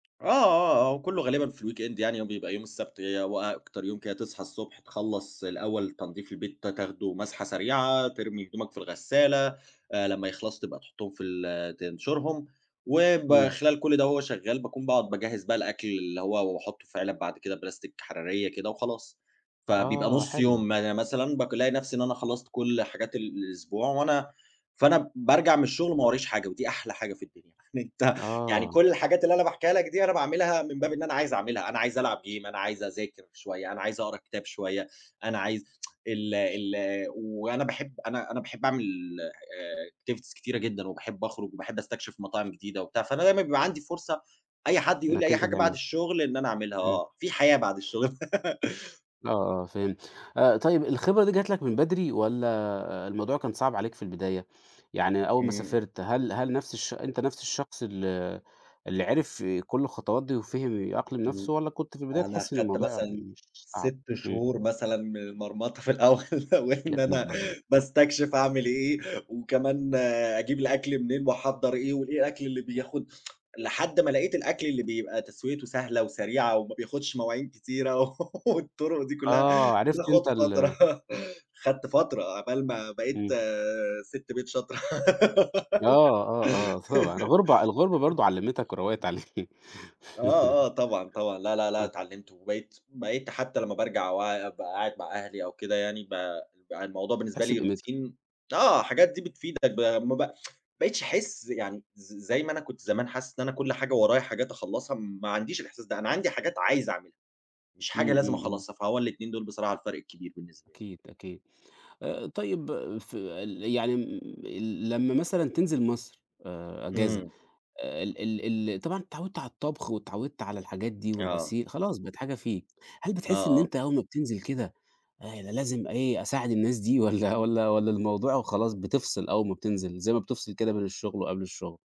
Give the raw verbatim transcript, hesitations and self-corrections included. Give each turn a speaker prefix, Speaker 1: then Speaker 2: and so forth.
Speaker 1: آه ،آه، آه. أهو كله غالبًا في ال weekend يعني. هو بيبقى يوم السبت هو أكتر يوم كده تصحى الصبح، تخلّص الأول تنضيف البيت ت تاخده مَسْحة سريعة، ترمي هدومك في الغسالة. آآ لمّا يخلصوا تبقى تحطّهم في ال تنشرهم.
Speaker 2: إمم.
Speaker 1: وبخلال كل ده وهو شغّال، باكون باقعد باجهّز بقى الأكل اللي هو واحطّه في عِلَب بعد كده بلاستيك حرارية كده وخلاص. فبيبقى
Speaker 2: آه،
Speaker 1: نُص
Speaker 2: حلو.
Speaker 1: يوم ي مثلًا بقالاقي نفسي إن أنا خلّصت كل حاجات ال الأسبوع، وأنا فأنا بارجع من الشغل وما ورايش حاجة. ودي أحلى حاجة في الدنيا. يعني أنت يعني
Speaker 2: آه.
Speaker 1: كل الحاجات اللي أنا باحكيها لك دي، أنا باعملها من باب إن أنا عايز اعملها. أنا عايز العب gym، أنا عايز اذاكر شوية، أنا عايز اقرا كتاب شوية، أنا عايز ال ال وأنا باحب أنا أنا باحب اعمل آآ activities كتيرة جدًا، وباحب اخرج، وباحب أستكشف مطاعم جديدة وبتاع. فأنا دايمًا بيبقى عندي فرصة أي حد يقول لي
Speaker 2: إنك
Speaker 1: أي
Speaker 2: أنت
Speaker 1: حاجة بعد
Speaker 2: تعملها.
Speaker 1: الشغل إن أنا اعملها
Speaker 2: إمم.
Speaker 1: آه. في حياة بعد الشغل.
Speaker 2: آه، آه، فهمت. آآ طيب الخبرة دي جت لك من بدري، والّا الموضوع كان صعب عليك في البداية؟ يعني أول ما
Speaker 1: إمم.
Speaker 2: سافرت هل هل نفس الش أنت نفس الشخص ال اللي
Speaker 1: [unintelligible]
Speaker 2: عرف كل الخطوات دي، وفِهم يأقلم
Speaker 1: إمم.
Speaker 2: نفسه، والّا كنت في البداية
Speaker 1: أنا
Speaker 2: تحس إن
Speaker 1: خدت
Speaker 2: الموضوع
Speaker 1: مثلًا
Speaker 2: مش مش صعب؟
Speaker 1: سِت
Speaker 2: إمم.
Speaker 1: شهور مثلًا من المرمطة في الأول، وإن
Speaker 2: يا نهار
Speaker 1: أنا
Speaker 2: ابيض!
Speaker 1: باستكشف اعمل إيه. وكمان أجيب الأكل منين واحضّر إيه، وإيه الأكل اللي بياخد لحد ما لقيت الأكل اللي بيبقى تسويته سهلة، وسريعة، وما بياخدش مواعين كتيرة والطُرُق دي كلها.
Speaker 2: آه، عرفت
Speaker 1: بتاخد
Speaker 2: أنت ال
Speaker 1: فترة خدت فترة عقبال ما بقيت
Speaker 2: إمم.
Speaker 1: سِت بيت شاطرة.
Speaker 2: آه ،آه، آه طبعًا الغُربة الغُربة برضه علّمتك، وروّقت عليك.
Speaker 1: آه، آه، طبعًا، طبعًا. لا لا لأ
Speaker 2: آه.
Speaker 1: اتعلّمت، وبقيت بقيت حتى لمّا بارجع وع وابقى قاعد مع أهلي أو كده يعني، ب بقى الموضوع بالنسبة
Speaker 2: تحس
Speaker 1: لي
Speaker 2: بقيمتها.
Speaker 1: روتين آه. الحاجات دي بتفيدك إب ما ب ما بقتش احس يعني ز زي ما أنا كنت زمان حاسس إن أنا كل حاجة ورايا حاجات اخلّصها. ما عنديش الإحساس ده. أنا عندي حاجات عايز اعملها. مش حاجة
Speaker 2: إمم،
Speaker 1: لازم
Speaker 2: إمم، إمم.
Speaker 1: اخلّصها، فهو الاتنين دول بصراحة الفارق الكبير بالنسبة لي.
Speaker 2: أكيد، أكيد. آآ طيب في ال يعني م ال لمّا مثلًا تنزل مصر آآ أجازة،
Speaker 1: إمم.
Speaker 2: ال ال ال طبعًا اتعوّدت على الطبخ، واتعوّدت على الحاجات دي،
Speaker 1: آه.
Speaker 2: والغسيل، خلاص بقت حاجة فيك. هل
Speaker 1: آه،
Speaker 2: بتحس إن
Speaker 1: آه.
Speaker 2: أنت أول ما بتنزل كده أنا لازم إيه، أساعد الناس دي، والّا والّا والّا الموضوع وخلاص
Speaker 1: [unintelligible]
Speaker 2: بتفصل أول ما بتنزل، زي ما بتفصل كده بين الشغل، وقبل الشغل؟